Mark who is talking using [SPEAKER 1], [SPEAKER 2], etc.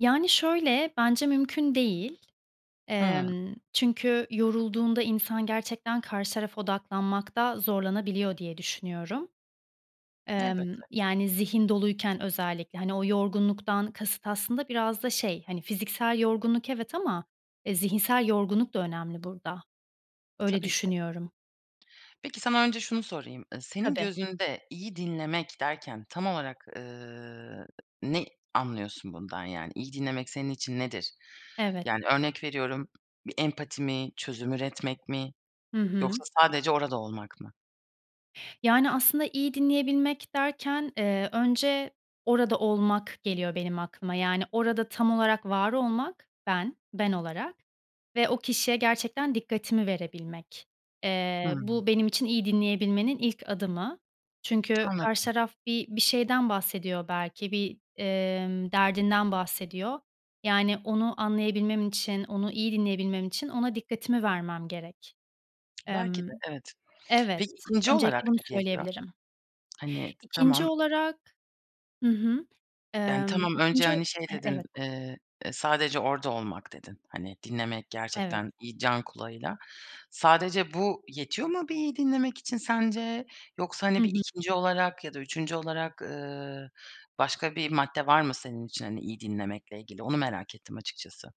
[SPEAKER 1] Yani, şöyle: Bence mümkün değil.
[SPEAKER 2] Hıı.
[SPEAKER 1] Emm, çünkü yorulduğunda insan gerçekten karşı tarafa odaklanmakta zorlanabiliyor diye düşünüyorum. Emm,
[SPEAKER 2] Elbette.
[SPEAKER 1] yani, zihin doluyken özellikle. Hani, o yorgunluktan kasıt aslında biraz da şey, hani, fiziksel yorgunluk, evet, ama, e, zihinsel yorgunluk da önemli burada. Öyle
[SPEAKER 2] Tabii ki.
[SPEAKER 1] düşünüyorum.
[SPEAKER 2] Peki, sana önce şunu sorayım: Iıı, senin
[SPEAKER 1] Tabii.
[SPEAKER 2] gözünde iyi dinlemek derken tam olarak, ııı, ne anlıyorsun bundan? Yani, iyi dinlemek senin için nedir?
[SPEAKER 1] Evet.
[SPEAKER 2] Yani, örnek veriyorum, bir empati mi, çözüm üretmek mi?
[SPEAKER 1] Hı hı.
[SPEAKER 2] Yoksa sadece orada olmak mı?
[SPEAKER 1] Yani, aslında iyi dinleyebilmek derken, eee, önce "orada olmak" geliyor benim aklıma. Yani, orada tam olarak var olmak, ben, ben olarak ve o kişiye gerçekten dikkatimi verebilmek. Eee,
[SPEAKER 2] Hıı.
[SPEAKER 1] bu benim için iyi dinleyebilmenin ilk adımı. Çünkü karşı
[SPEAKER 2] Anladım.
[SPEAKER 1] taraf bi bir şeyden bahsediyor belki, bir, emm, derdinden bahsediyor. Yani, onu anlayabilmem için, onu iyi dinleyebilmem için ona dikkatimi vermem gerek.
[SPEAKER 2] Belki de,
[SPEAKER 1] Emm
[SPEAKER 2] evet.
[SPEAKER 1] Evet.
[SPEAKER 2] Peki, 2'nci olarak
[SPEAKER 1] Öncelikle bunu
[SPEAKER 2] ne geliyor?
[SPEAKER 1] söyleyebilirim.
[SPEAKER 2] Hani, t
[SPEAKER 1] 2'nci
[SPEAKER 2] tamam
[SPEAKER 1] olarak Hı hı.
[SPEAKER 2] Yani,
[SPEAKER 1] Emm,
[SPEAKER 2] tamam. Önce,
[SPEAKER 1] 2'nci o
[SPEAKER 2] hani, şey
[SPEAKER 1] eh
[SPEAKER 2] dedin,
[SPEAKER 1] evet.
[SPEAKER 2] eee, eee, "Sadece orada olmak." dedin. Hani, dinlemek
[SPEAKER 1] Evet.
[SPEAKER 2] gerçekten iyi can kulağıyla. Sadece bu yetiyor mu bir iyi dinlemek için sence? Yoksa,
[SPEAKER 1] Hı
[SPEAKER 2] hani, bir
[SPEAKER 1] hı.
[SPEAKER 2] 2'nci olarak ya da 3'üncü olarak, ııı, başka bir madde var mı senin için, hani, iyi dinlemekle ilgili? Onu merak ettim açıkçası.